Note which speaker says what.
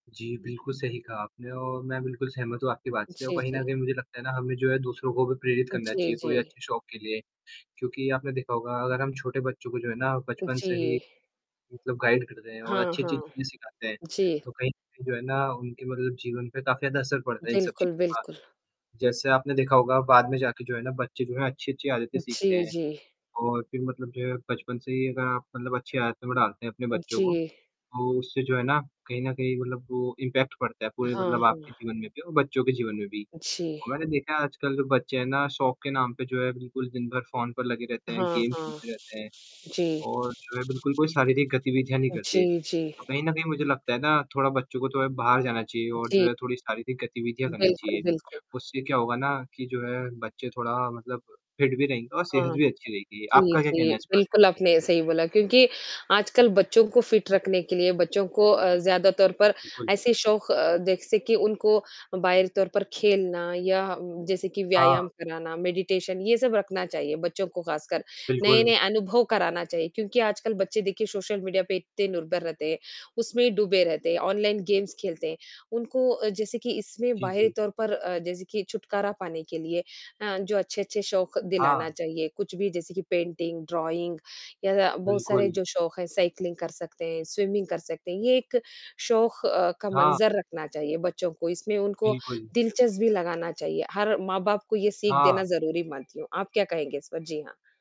Speaker 1: जी, बिल्कुल सही कहा आपने और मैं बिल्कुल सहमत हूँ आपकी बात से और
Speaker 2: जी,
Speaker 1: कहीं न
Speaker 2: जी।
Speaker 1: कहीं मुझे लगता है ना हमें जो है दूसरों को भी प्रेरित
Speaker 2: अ,
Speaker 1: करना
Speaker 2: जी,
Speaker 1: चाहिए कोई
Speaker 2: जी।
Speaker 1: अच्छे शौक के लिए। क्योंकि आपने देखा होगा अगर हम छोटे बच्चों को जो है ना
Speaker 2: उ,
Speaker 1: बचपन से ही,
Speaker 2: जी।
Speaker 1: मतलब गाइड करते हैं और
Speaker 2: हाँ,
Speaker 1: अच्छी-अच्छी
Speaker 2: हाँ।
Speaker 1: चीज़ें सिखाते हैं,
Speaker 2: जी।
Speaker 1: तो कहीं न कहीं जो है ना उनके मतलब जीवन पे काफ़ी ज़्यादा असर पड़ता है इन सब
Speaker 2: बिल्कुल,
Speaker 1: चीज़ों का।
Speaker 2: बिल्कुल।
Speaker 1: जैसे आपने देखा होगा बाद में जाके जो है ना बच्चे जो है अच्छी-अच्छी आदतें सीखते
Speaker 2: जी,
Speaker 1: हैं।
Speaker 2: जी।
Speaker 1: और फिर मतलब जो है बचपन से ही अगर आप मतलब अच्छी आदतों में डालते हैं अपने
Speaker 2: उ
Speaker 1: बच्चों
Speaker 2: जी।
Speaker 1: को, तो उससे जो है ना कहीं न कहीं मतलब वो इम्पैक्ट पड़ता है पूरे
Speaker 2: हाँ,
Speaker 1: मतलब आपके
Speaker 2: हाँ।
Speaker 1: जीवन में भी और बच्चों के जीवन में भी।
Speaker 2: जी।
Speaker 1: तो मैंने देखा है आजकल जो बच्चे हैं ना शौक के नाम पे जो है बिल्कुल दिन-भर फ़ोन पर लगे रहते हैं,
Speaker 2: हाँ,
Speaker 1: गेम
Speaker 2: हाँ।
Speaker 1: खेलते रहते हैं।
Speaker 2: जी।
Speaker 1: और जो है बिल्कुल कोई शारीरिक गतिविधियाँ नहीं करते,
Speaker 2: जी, जी।
Speaker 1: तो कहीं न कहीं मुझे लगता है ना थोड़ा बच्चों को थोड़ा बाहर जाना चाहिए और जो
Speaker 2: जी।
Speaker 1: है थोड़ी शारीरिक गतिविधियाँ करनी
Speaker 2: बिल्कुल,
Speaker 1: चाहिए।
Speaker 2: बिल्कुल।
Speaker 1: उससे क्या होगा ना कि जो है बच्चे थोड़ा मतलब फिट भी रहेंगे और सेहत
Speaker 2: हाँ।
Speaker 1: भी अच्छी रहेगी।
Speaker 2: जी,
Speaker 1: आपका क्या
Speaker 2: जी,
Speaker 1: कहना है इस बारे
Speaker 2: बिल्कुल आपने सही बोला क्योंकि आजकल बच्चों को फिट रखने के लिए बच्चों को अ, ज़्यादातर पर
Speaker 1: बिल्कुल।
Speaker 2: ऐसे शौक अ, देख सके उनको बाहरी तौर पर खेलना या जैसे कि व्यायाम
Speaker 1: हाँ।
Speaker 2: कराना मेडिटेशन ये सब रखना चाहिए बच्चों को खासकर।
Speaker 1: बिल्कुल।
Speaker 2: नए-नए अनुभव कराना चाहिए क्योंकि आजकल बच्चे देखिए सोशल मीडिया पे इतने निर्भर रहते हैं, उसमें ही डूबे रहते हैं ऑनलाइन गेम्स खेलते हैं। उनको अ, जैसे कि इसमें
Speaker 1: जी,
Speaker 2: बाहरी
Speaker 1: जी।
Speaker 2: तौर पर अ, जैसे कि छुटकारा पाने के लिए अ, जो अच्छे-अच्छे शौक दिलाना
Speaker 1: हाँ।
Speaker 2: चाहिए कुछ भी जैसे कि पेंटिंग, ड्रॉइंग या बहुत सारे
Speaker 1: बिल्कुल।
Speaker 2: जो शौक है साइकिलिंग कर सकते हैं स्विमिंग कर सकते हैं, ये एक शौक अ, का
Speaker 1: हाँ।
Speaker 2: मंज़र रखना चाहिए बच्चों को इसमें उनको
Speaker 1: बिल्कुल।
Speaker 2: दिलचस्पी लगाना चाहिए हर माँ-बाप को ये सीख देना
Speaker 1: हाँ।
Speaker 2: ज़रूरी मानती हूँ। आप क्या कहेंगे इस पर? जी हाँ।